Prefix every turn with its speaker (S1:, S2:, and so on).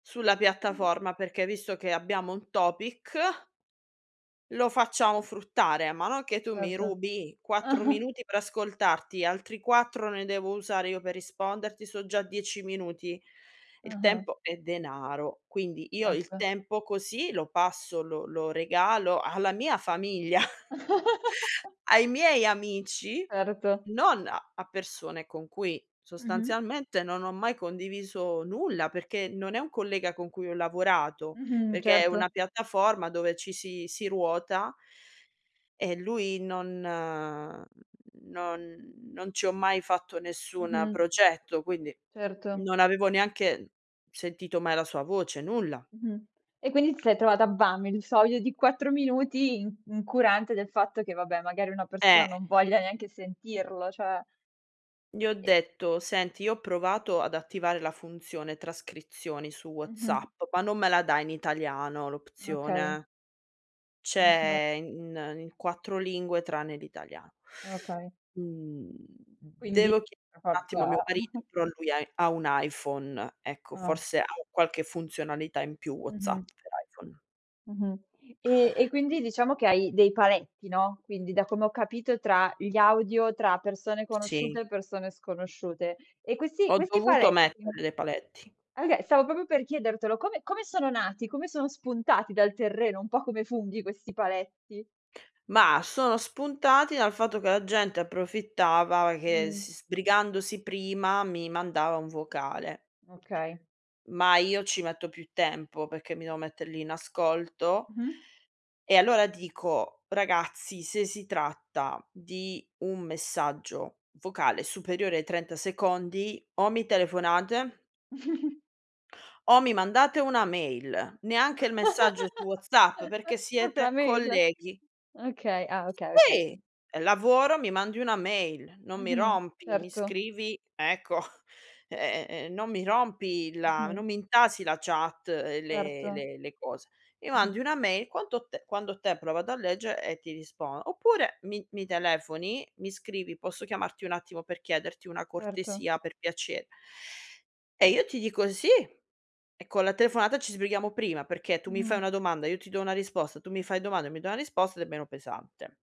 S1: Sulla piattaforma, perché visto che abbiamo un topic lo facciamo fruttare, ma non che tu mi
S2: Erto.
S1: rubi 4 minuti per ascoltarti, altri 4 ne devo usare io per risponderti, so' già 10 minuti. Il
S2: Ah-ah.
S1: tempo è denaro, quindi io il
S2: Erto.
S1: tempo così lo passo lo lo regalo alla mia famiglia, ai miei amici,
S2: Erto.
S1: non a persone con cui
S2: Mh-mh.
S1: sostanzialmente non ho mai condiviso nulla, perché non è un collega con cui ho lavorato,
S2: Mh-mh.
S1: perché è una
S2: Certo.
S1: piattaforma dove ci si si ruota e lui non non non ci ho mai fatto nessuna
S2: Mh-mh.
S1: progetto, quindi
S2: Certo.
S1: non avevo neanche sentito mai la sua voce, nulla.
S2: Mh-mh. E quindi ti sei trovata, bam, il 'sto audio di 4 minuti in incurante del fatto che, vabbè, magari una persona
S1: Eh!
S2: non voglia neanche sentirlo, cioè.
S1: Gli ho
S2: E
S1: detto: "Senti, io ho provato ad attivare la funzione trascrizioni su
S2: Mh-mh.
S1: WhatsApp, ma non me la dà in italiano
S2: Okay.
S1: l'opzione."
S2: [unintelligible]
S1: "C'è in in 4 lingue tranne l'italiano."
S2: Okay.
S1: Mhmm,
S2: Quindi,
S1: devo chie
S2: per
S1: attimo a mio
S2: forza
S1: mari però lui ha ha un iPhone. Ecco,
S2: Ah.
S1: forse ha qualche funzionalità in più WhatsApp
S2: Mh-mh.
S1: per iPhone.
S2: Mh-mh. E e quindi diciamo che hai dei paletti, no, quindi, da come ho capito, tra gli audio tra persone
S1: Sì.
S2: conosciute e persone sconosciute. E questi
S1: Ho
S2: questi
S1: dovuto
S2: paletti
S1: mettere dei paletti.
S2: oka s stavo proprio per chiedertelo, come come sono nati? Come son spuntati dal terreno? Un po' come funghi questi paletti.
S1: Mah, sono spuntati dal fatto che la gente approfittava che s
S2: Mh.
S1: sbrigandosi prima mi mandava un vocale.
S2: Okay.
S1: Ma io ci metto più tempo, perché mi devo mettere lì in ascolto,
S2: Mh-mh.
S1: e allora dico: "Ragazzi, se si tratta di un messaggio vocale superiore ai 30 secondi o mi telefonate" "o mi mandate una mail, neanche il messaggio su WhatsApp perché
S2: Proprio la
S1: siete
S2: [unintelligible]
S1: colleghi."
S2: Okay ah, okay,
S1: Si!
S2: okay.
S1: È lavoro, mi mandi una mail, non mi
S2: Mh-mh.
S1: rompi, mi
S2: Certo.
S1: scrivi ecco, e e e non mi rompi la
S2: Mh-mh.
S1: non mi intasi la chat e le
S2: Erto.
S1: le le cose, mi
S2: Mh-mh.
S1: mandi una mail, quanto te quando te hai provato a leggere e ti rispondo, oppure mi mi telefoni, mi scrivi: "Posso chiamarti un attimo per chiederti una
S2: Erto.
S1: cortesia, per piace" e io ti dico: "Sì", e con la telefonata ci sbrighiamo prima, perché tu mi fai
S2: Mh-mh.
S1: una domanda, io ti do una risposta, tu mi fai domanda, mi do una risposta ed è meno pesante.